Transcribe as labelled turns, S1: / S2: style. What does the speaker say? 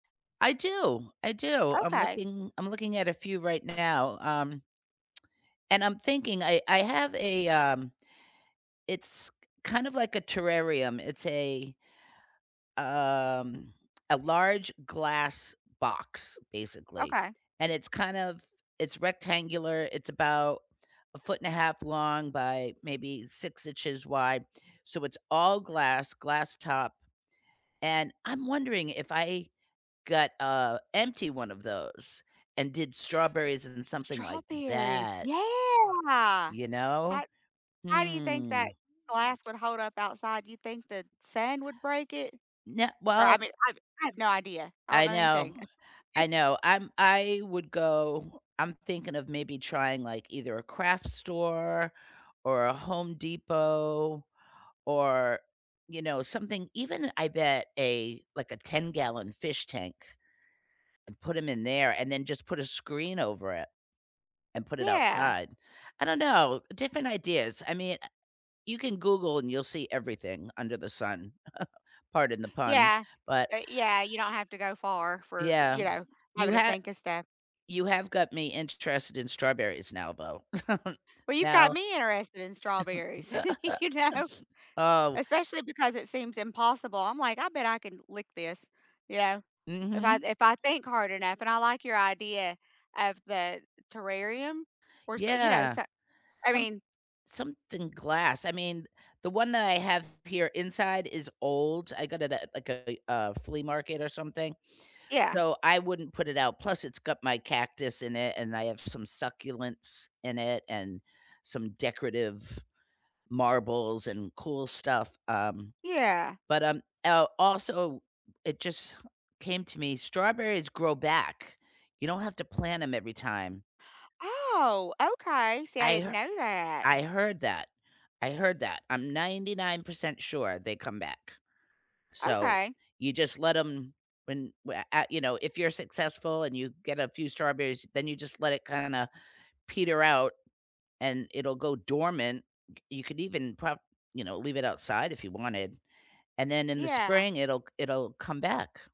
S1: I do, I do, I'm
S2: Okay.
S1: looking I'm looking at a few right now, um and I'm thinking I I have a, um it's k kind of like a terrarium, it's a um, a large glass box, basically,
S2: Okay.
S1: and it's kind of it's rectangular, it's about 1.5 ft long by maybe 6 inches wide, so, it's all glass, glass top, and I'm wondering if I got, uh, empty one of those and did strawberries in something like
S2: Strawberries,
S1: that.
S2: yeah.
S1: You know?
S2: How how do you think
S1: Hmm.
S2: that glass would hold up outside, do you think the sand would break it?
S1: Nuh
S2: Or, I
S1: Well
S2: mean, I I have no idea, I don't
S1: I
S2: know
S1: know.
S2: anything.
S1: I know, I'm I would go I'm thinking of maybe trying, like, either a craft store or a Home Depot or, you know, something even I bet a like, a ten-gallon fish tank, and put 'em in there and then just put a screen over it, and put it
S2: Yeah.
S1: outside, I don't know, different ideas, I mean, eh you can Google and you'll see everything under the sun, pardon the pun,
S2: Yeah,
S1: but
S2: uh, yeah, you don't have to go far for, you
S1: Yeah.
S2: know,
S1: You
S2: having to
S1: ha
S2: think of stuff.
S1: You have got me interested in strawberries now though,
S2: Well, you've got
S1: now
S2: me interested in strawberries, you know?
S1: oh
S2: Especially because it seems impossible, I'm like, "I bet I can lick this," you know? If I'd
S1: Mhm.
S2: if I think hard enough, and I like your idea of the terrarium or so you know,
S1: Yeah.
S2: s I
S1: Some
S2: mean
S1: something glass, I mean, the one that I have here inside is old, I got it at, like, a a flea market or something,
S2: Yeah.
S1: so, I wouldn't put it out, plus it's got my cactus in it, and I have some succulents in it and some decorative marbles and cool stuff, um.
S2: Yeah.
S1: But um, el also, it just came to me, strawberries grow back, you don't have to plant 'em every time.
S2: Oh, okay, see, I
S1: I
S2: didn't
S1: her
S2: know that.
S1: I heard that, I heard that. I'm 99% sure they come back, so,
S2: Okay.
S1: you just let 'em when wha at you know, if you're successful and you get a few strawberries, then you just let it kinda peter out and it'll go dormant, c you could even prob you know, leave it outside if you wanted, and then in the
S2: Yeah.
S1: spring, it'll c it'll come back.